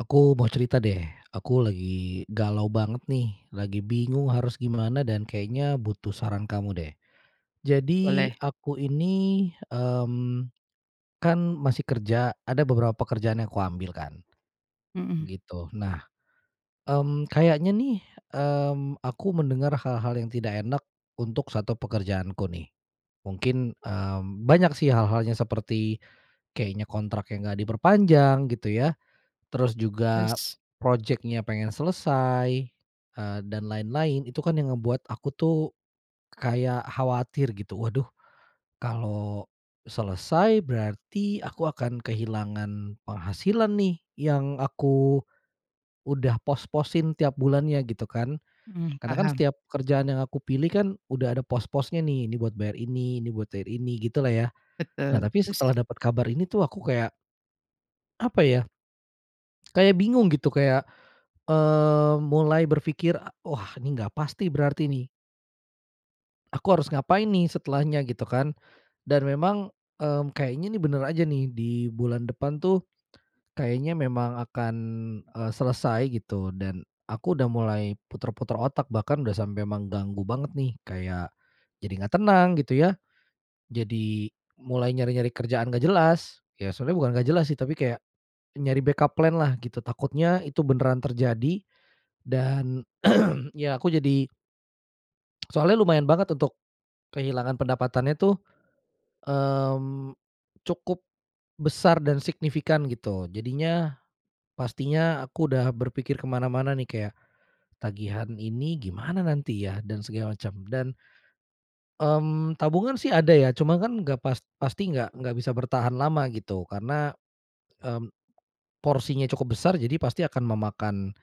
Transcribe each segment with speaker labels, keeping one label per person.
Speaker 1: Aku mau cerita deh. Aku lagi galau banget nih, lagi bingung harus gimana, dan kayaknya butuh saran kamu deh. Jadi
Speaker 2: Boleh.
Speaker 1: aku ini, mmm, kan masih kerja, ada beberapa kerjaan yang kuambil kan
Speaker 2: Mhm.
Speaker 1: gitu. Nah, mmm, kayaknya nih, mmm, aku mendengar hal-hal yang tidak enak untuk 1 pekerjaanku nih. Mungkin, eee, banyak sih hal-hal seperti kayaknya kontraknya nggak diperpanjang gitu ya, terus juga
Speaker 2: Terus?
Speaker 1: projeknya pengen selesai, eee, dan lain-lain. Itu kan yang ngebuat aku tuh, kayak khawatir gitu, "Waduh, kalau selesai, berarti aku akan kehilangan penghasilan nih yang aku udah pos-posin tiap bulannya," gitu kan.
Speaker 2: Mhm,
Speaker 1: Karena kan
Speaker 2: paham.
Speaker 1: setiap kerjaan yang aku pilih kan, udah ada pos-posnya ni, ini buat bayar ini, ini buat bayar ini, gitulah ya. Nah,
Speaker 2: Betul,
Speaker 1: tapi
Speaker 2: terus?
Speaker 1: setelah dapat kabar ini tuh aku kayak apa ya, kayak bingung gitu kayak, eee, mulai berpikir, e “Wah ini nggak pasti berarti nih" "aku harus ngapain nih setelahnya?” gitu kan. Dan memang, mmm, kayaknya nih bener aja nih, di bulan depan tuh, kayaknya memang akan, eee, selesai gitu. Dan aku udah mulai puter-puter otak, bahkan udah sampai menganggu banget nih. Kayak, jadi nggak tenang gitu ya, jadi mulai nyari-nyari kerjaan nggak jelas. Ya, sebenarnya bukan nggak jelas sih, tapi kayak nyari backup plan lah gitu, takutnya itu beneran terjadi. Dan ya, aku jadi soalnya lumayan banget untuk kehilangan pendapatannya tuh, mmm, cukup besar dan signifikan gitu. Jadinya, pastinya aku udah berpikir ke mana-mana nih, kayak tagihan ini gimana nanti ya, dan segala macam. Dan, mmm, tabungan sih ada ya, cuman kan nggak pas pasti nggak nggak bisa bertahan lama gitu. Karena, mmm, porsinya cukup besar, jadi pasti akan memakan,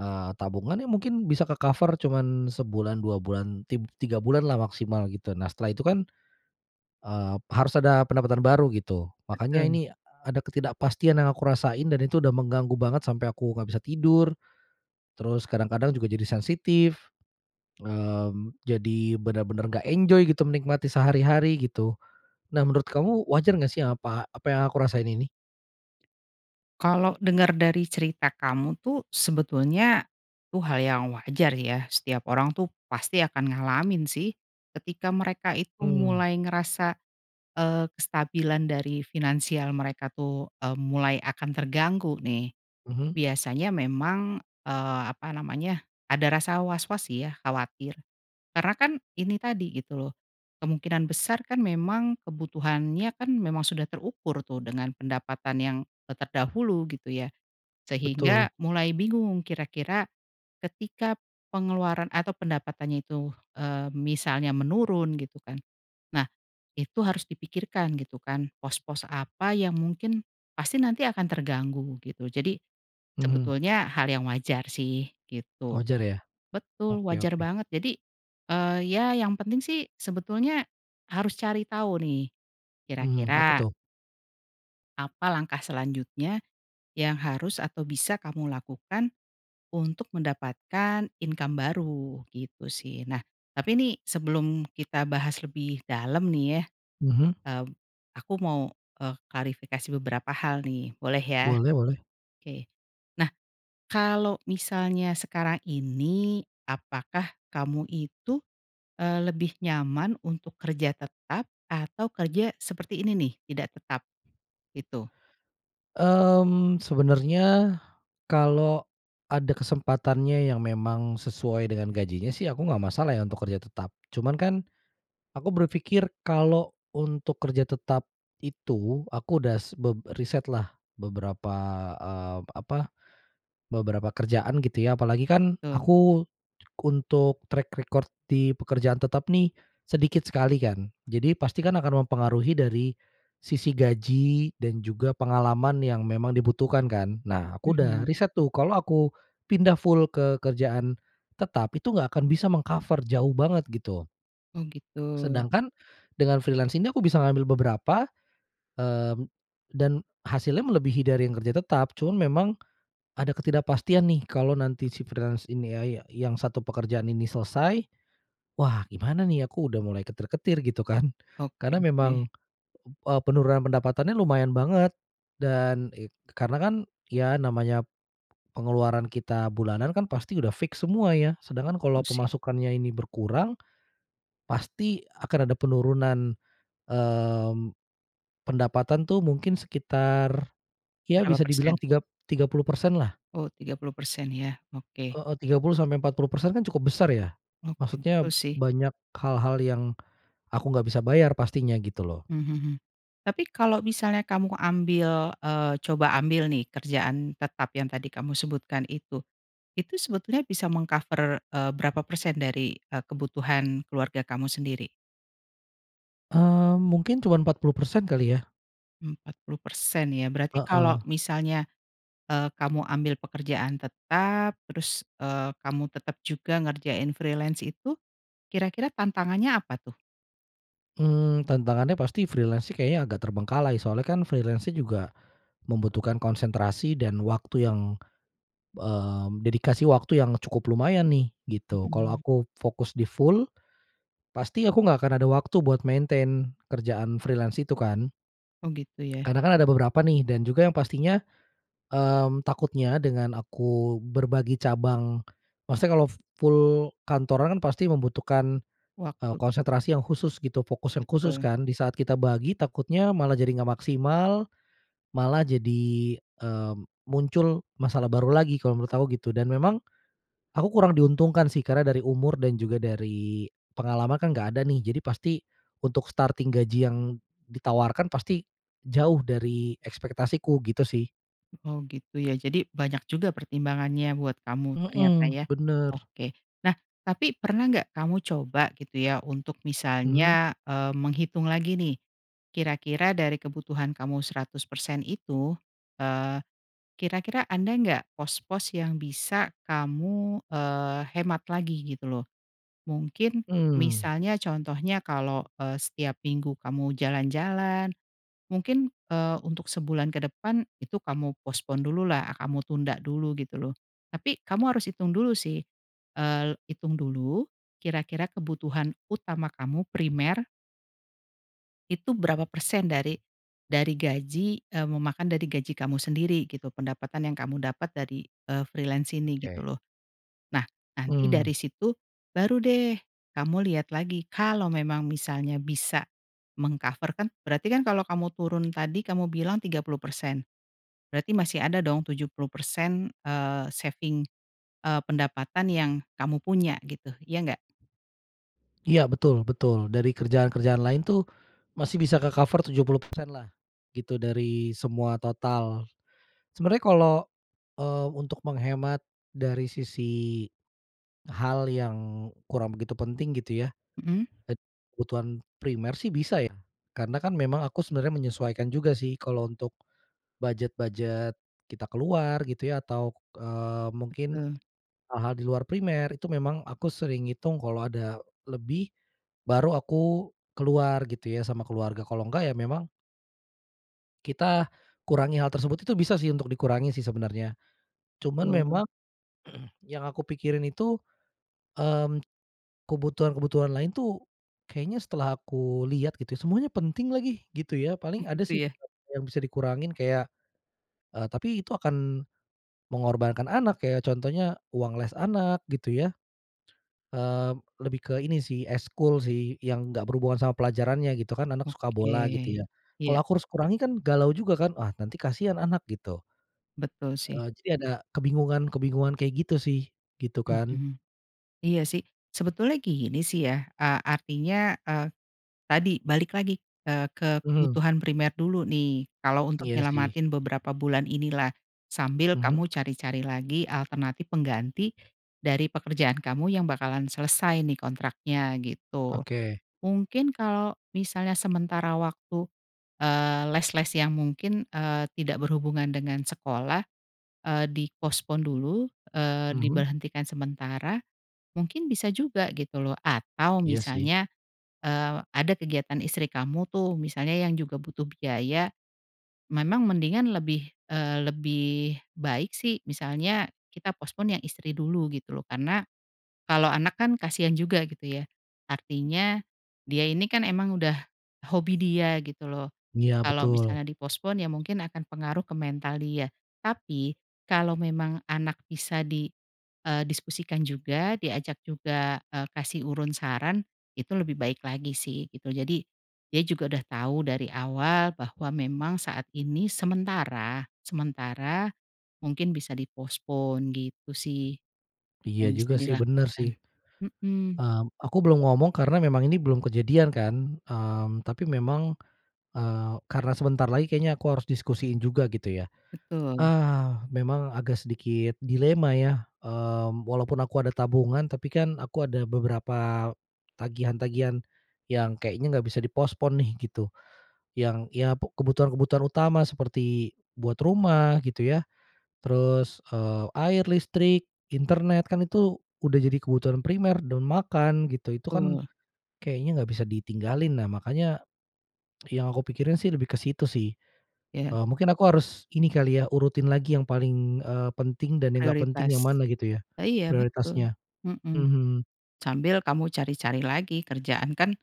Speaker 1: eee, tabungan yang mungkin bisa ke-cover cuman sebulan, 2 bulan, tig tiga bulan lah maksimal gitu. Nah, setelah itu kan, eee, harus ada pendapatan baru gitu. Makanya
Speaker 2: Betul.
Speaker 1: ini, eee, ada ketidakpastian yang aku rasain, dan itu udah mengganggu banget sampai aku nggak bisa tidur. Terus kadang-kadang juga jadi sensitif, mmm, jadi bener-bener nggak enjoy gitu menikmati sehari-hari gitu. Nah, menurut kamu wajar nggak sih apa apa yang aku rasain ini?
Speaker 2: Kalau denger dari cerita kamu tuh, sebetulnya, itu hal yang wajar ya. Setiap orang tuh pasti akan ngalamin sih. Ketika mereka itu
Speaker 1: Mmm.
Speaker 2: mulai ngerasa, eee, kestabilan dari finansial mereka tuh e mulai akan terganggu nih.
Speaker 1: Mhm.
Speaker 2: Biasanya memang, eee, apa namanya, ada rasa was-was sih ya, khawatir. Karena kan ini tadi gitu loh, kemungkinan besar kan memang kebutuhannya kan memang sudah terukur tuh, dengan pendapatan yang, eee, terdahulu gitu ya.
Speaker 1: Betul.
Speaker 2: Sehingga mulai bingung kira-kira ketika pengeluaran atau pendapatannya itu, eee, misalnya menurun gitu kan. Nah, itu harus dipikirkan gitu kan, pos-pos apa yang mungkin pasti nanti akan terganggu gitu. Jadi,
Speaker 1: Mhm.
Speaker 2: sebetulnya hal yang wajar sih gitu.
Speaker 1: Wajar ya?
Speaker 2: Betul,
Speaker 1: Oke
Speaker 2: wajar
Speaker 1: oke.
Speaker 2: banget. Jadi, eee, ya yang penting sih sebetulnya harus cari tahu nih
Speaker 1: Mhm, apa
Speaker 2: kira-kira
Speaker 1: tuh?
Speaker 2: apa langkah selanjutnya yang harus atau bisa kamu lakukan untuk mendapatkan income baru, gitu sih. Nah, tapi nih sebelum kita bahas lebih dalam nih ya,
Speaker 1: Mhm.
Speaker 2: eee, aku mau, eee, klarifikasi beberapa hal nih, boleh ya?
Speaker 1: Boleh boleh.
Speaker 2: Oke. Nah, kalau misalnya sekarang ini, apakah kamu itu, eee, lebih nyaman untuk kerja tetap atau kerja seperti ini nih, tidak tetap? Gitu.
Speaker 1: Mmm, sebenarnya kalau ada kesempatannya yang memang sesuai dengan gajinya sih, aku nggak masalah ya untuk kerja tetap. Cuman kan, aku berpikir kalau untuk kerja tetap itu aku udah s beb riset lah beberapa, eee, apa, beberapa kerjaan gitu ya. Apalagi kan,
Speaker 2: Betul.
Speaker 1: aku untuk track record di pekerjaan tetap nih sedikit sekali kan. Jadi, pasti kan akan mempengaruhi dari sisi gaji dan juga pengalaman yang memang dibutuhkan kan. Nah, aku udah
Speaker 2: Mhm.
Speaker 1: riset tuh, kalau aku pindah full ke kerjaan tetap itu nggak akan bisa meng-cover jauh banget gitu.
Speaker 2: Oh gitu.
Speaker 1: Sedangkan dengan freelance ini, aku bisa ngambil beberapa, eee, dan hasilnya melebihi dari yang kerja tetap. Cuman memang, ada ketidakpastian nih kalau nanti si freelance ini ya ya yang satu pekerjaan ini selesai, "Wah gimana nih aku udah mulai ketar-ketir," gitu kan.
Speaker 2: Oke
Speaker 1: Karena
Speaker 2: oke.
Speaker 1: memang p eee, penurunan pendapatannya lumayan banget dan ek karena kan, ya namanya pengeluaran kita bulanan kan pasti udah fix semua ya sedangkan kalau
Speaker 2: Betul sih.
Speaker 1: pemasukannya ini berkurang. Pasti akan ada penurunan, mmm, pendapatan tuh mungkin sekitar, ya
Speaker 2: Berapa
Speaker 1: bisa dibilang
Speaker 2: persen?
Speaker 1: tigap tiga puluh persen lah.
Speaker 2: Oh 30% ya, oke.
Speaker 1: Heeh, 30 sampai 40% kan cukup besar ya,
Speaker 2: Oke,
Speaker 1: maksudnya
Speaker 2: betul sih.
Speaker 1: banyak hal-hal yang, aku nggak bisa bayar pastinya gitu loh.
Speaker 2: Mmm, hmm hmm. Tapi kalau misalnya kamu ambil, eee, coba ambil nih kerjaan tetap yang tadi kamu sebutkan itu. Itu sebetulnya bisa meng-cover, eee, berapa persen dari, eee, kebutuhan keluarga kamu sendiri?
Speaker 1: Eee, mungkin cuman 40% kali ya.
Speaker 2: 40% ya, berarti kalau
Speaker 1: Heeh.
Speaker 2: misalnya, eee, kamu ambil pekerjaan tetap, terus, eee, kamu tetap juga ngerjain freelance itu kira-kira tantangannya apa tuh?
Speaker 1: Mmm, tantangannya pasti freelance sih kayaknya agak terbengkalai soalnya kan freelance-nya juga membutuhkan konsentrasi dan waktu yang, eee, dedikasi waktu yang cukup lumayan nih gitu. Kalau
Speaker 2: Mhm.
Speaker 1: aku fokus di full pasti aku nggak akan ada waktu buat maintain kerjaan freelance itu kan.
Speaker 2: Oh, gitu ya.
Speaker 1: Karena kan ada beberapa nih dan juga yang pastinya. Mmm, takutnya dengan aku berbagi cabang, maksudnya kalau full kantoran kan pasti membutuhkan, eee,
Speaker 2: Waktu.
Speaker 1: konsentrasi yang khusus gitu, fokus yang khusus
Speaker 2: Betul.
Speaker 1: kan, di saat kita bagi takutnya malah jadi nggak maksimal, malah jadi, eee, muncul masalah baru lagi. Kalau menurut aku gitu dan memang aku kurang diuntungkan sih, karena dari umur dan juga dari pengalaman kan nggak ada nih. Jadi, pasti untuk starting gaji yang ditawarkan pasti jauh dari ekspektasiku gitu sih.
Speaker 2: Oh, gitu ya, jadi banyak juga pertimbangannya buat kamu ternyata
Speaker 1: Mmm,
Speaker 2: ya.
Speaker 1: bener.
Speaker 2: Oke. Nah, tapi pernah nggak kamu coba gitu ya, untuk
Speaker 1: Mhm.
Speaker 2: misalnya, eee, menghitung lagi nih, kira-kira dari kebutuhan kamu 100% itu, eee, kira-kira ada nggak pos-pos yang bisa kamu, eee, hemat lagi gitu, loh? Mungkin
Speaker 1: Mmm.
Speaker 2: misalnya contohnya, kalau, eee, setiap minggu kamu jalan-jalan, mungkin, eee, untuk sebulan ke depan itu kamu postpone dulu lah, kamu tunda dulu gitu loh. Tapi kamu harus hitung dulu sih, el hitung dulu, kira-kira kebutuhan utama kamu, primer itu berapa persen dari dari gaji, eee, memakan dari gaji kamu sendiri gitu, pendapatan yang kamu dapat dari, eee, freelance ini
Speaker 1: Oke.
Speaker 2: gitu loh. Nah, nanti dari
Speaker 1: Mmm.
Speaker 2: situ, baru deh kamu lihat lagi. Kalau memang misalnya bisa meng-cover, kan berarti kalau kamu turun, tadi kamu bilang 30% berarti masih ada dong 70% eee, saving, eee, pendapatan yang kamu punya gitu, ya nggak?
Speaker 1: Iya, betul betul. Dari kerjaan-kerjaan lain tuh masih bisa ke-cover 70% lah gitu dari semua total. Sebenarnya kalau, eee, untuk menghemat dari sisi hal yang kurang begitu penting gitu ya,
Speaker 2: Mhm.
Speaker 1: ed kebutuhan primer sih bisa ya. Karena kan memang aku sebenarnya menyesuaikan juga sih, kalau untuk budget-budget kita keluar gitu ya. Atau, eee, mungkin
Speaker 2: Betul.
Speaker 1: hal-hal di luar primer itu memang aku sering hitung kalau ada lebih, baru aku keluar gitu ya sama keluarga, kalau nggak ya memang kita kurangi hal tersebut itu bisa sih, untuk dikurangi sih, sebenarnya. Cuman
Speaker 2: Betul.
Speaker 1: memang yang aku pikirin itu, mmm, kebutuhan-kebutuhan lain tuh, kayaknya setelah aku lihat gitu semuanya penting lagi, gitu ya, paling ada
Speaker 2: Gitu
Speaker 1: sih
Speaker 2: ya.
Speaker 1: yang bisa dikurangin kayak, eee, tapi itu akan mengorbankan anak, kayak contohnya uang les anak gitu ya. Eee, lebih ke ini sih ekskul sih yang enggak berhubungan sama pelajarannya gitu kan. Anak suka
Speaker 2: Oke,
Speaker 1: bola gitu ya, kalau
Speaker 2: iya.
Speaker 1: aku harus kurangi kan galau juga kan, "Wah nanti kasihan anak," gitu.
Speaker 2: Betul sih.
Speaker 1: Eee, jadi ada kebingungan-kebingungan kayak gitu sih, gitu kan.
Speaker 2: Mhm. Iya sih, sebetulnya gini sih ya. Ah, artinya, ah, tadi balik lagi ke
Speaker 1: Mhm.
Speaker 2: kebutuhan primer dulu nih, kalau untuk
Speaker 1: Iya sih.
Speaker 2: nyelamatin beberapa bulan ini lah. Sambil
Speaker 1: Mhm.
Speaker 2: kamu cari-cari lagi alternatif pengganti dari pekerjaan kamu yang bakalan selesai nih kontraknya, gitu.
Speaker 1: Oke.
Speaker 2: Mungkin kalau misalnya sementara waktu, eee, les-les yang mungkin, eee, tidak berhubungan dengan sekolah, eee, di-postpone dulu, eee,
Speaker 1: Mhm.
Speaker 2: diberhentikan sementara, mungkin bisa juga gitu loh. Atau
Speaker 1: Iya sih.
Speaker 2: misalnya, eee, ada kegiatan istri kamu tuh, misalnya yang juga butuh biaya, memang mendingan lebih, eee, lebih baik sih, misalnya kita postpone yang istri dulu gitu loh. Karena kalau anak kan kasihan juga gitu ya. Artinya dia ini kan, emang udah hobi dia gitu loh.
Speaker 1: Iya
Speaker 2: Kalau
Speaker 1: betul.
Speaker 2: misalnya di-postpone ya mungkin akan pengaruh ke mental dia. Tapi kalau memang anak bisa di, eee, diskusikan juga diajak juga, eee, kasih urun saran, itu lebih baik lagi sih gitu. Jadi, dia juga udah tahu dari awal bahwa memang saat ini sementara, sementara mungkin bisa di-postpone gitu sih.
Speaker 1: Iya
Speaker 2: Yang bisa
Speaker 1: juga sih, bener
Speaker 2: dilakukan
Speaker 1: sih.
Speaker 2: mhm.
Speaker 1: Mmm, aku belum ngomong karena memang ini belum kejadian kan, mmm, tapi memang, eee, karena sebentar lagi kayaknya aku harus diskusiin juga gitu ya.
Speaker 2: Betul.
Speaker 1: Ah, memang agak sedikit dilema ya, eee, walaupun aku ada tabungan tapi kan, aku ada beberapa tagihan-tagihan yang kayaknya nggak bisa di-postpone nih gitu. Yang, ya pe kebutuhan-kebutuhan utama seperti buat rumah gitu ya, terus, eee, air, listrik, internet, kan itu udah jadi kebutuhan primer dan makan gitu. Itu kan
Speaker 2: Betul.
Speaker 1: kayaknya nggak bisa ditinggalin. Nah makanya, yang aku pikirin sih lebih ke situ sih.
Speaker 2: Ya.
Speaker 1: Eee, mungkin aku harus ini kali ya urutin lagi yang paling, eee, penting dan yang gak penting yang
Speaker 2: Prioritas,
Speaker 1: mana gitu ya,
Speaker 2: a iya betul.
Speaker 1: prioritasnya
Speaker 2: Mhm,
Speaker 1: mhm.
Speaker 2: sambil kamu cari-cari lagi kerjaan kan,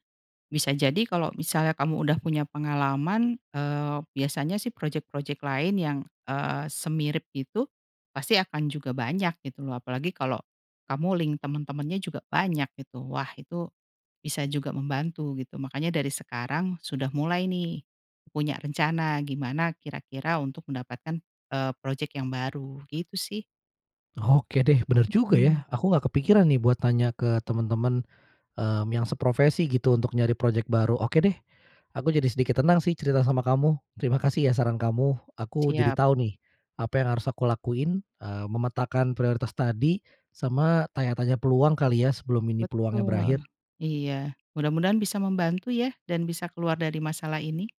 Speaker 2: bisa jadi kalau misalnya kamu udah punya pengalaman, eee, biasanya sih projek-projek lain yang, eee, semirip itu pasti akan juga banyak gitu loh. Apalagi kalau kamu link teman-temannya juga banyak gitu, wah itu bisa juga membantu gitu. Makanya dari sekarang sudah mulai nih, punya rencana gimana kira-kira untuk mendapatkan, eee, projek yang baru gitu sih.
Speaker 1: Oke deh, bener juga
Speaker 2: Mhm.
Speaker 1: ya, aku nggak kepikiran nih buat tanya ke temen-temen, eee, yang seprofesi gitu untuk nyari projek baru. Oke deh, aku jadi sedikit tenang sih cerita sama kamu. Terima kasih ya, saran kamu, aku jadi
Speaker 2: Siap.
Speaker 1: tahu nih, apa yang harus aku lakuin, eee, memetakan prioritas tadi sama tanya-tanya peluang kali ya, sebelum ini peluangnya
Speaker 2: Betul.
Speaker 1: berakhir.
Speaker 2: Iya, mudah-mudahan bisa membantu ya dan bisa keluar dari masalah ini.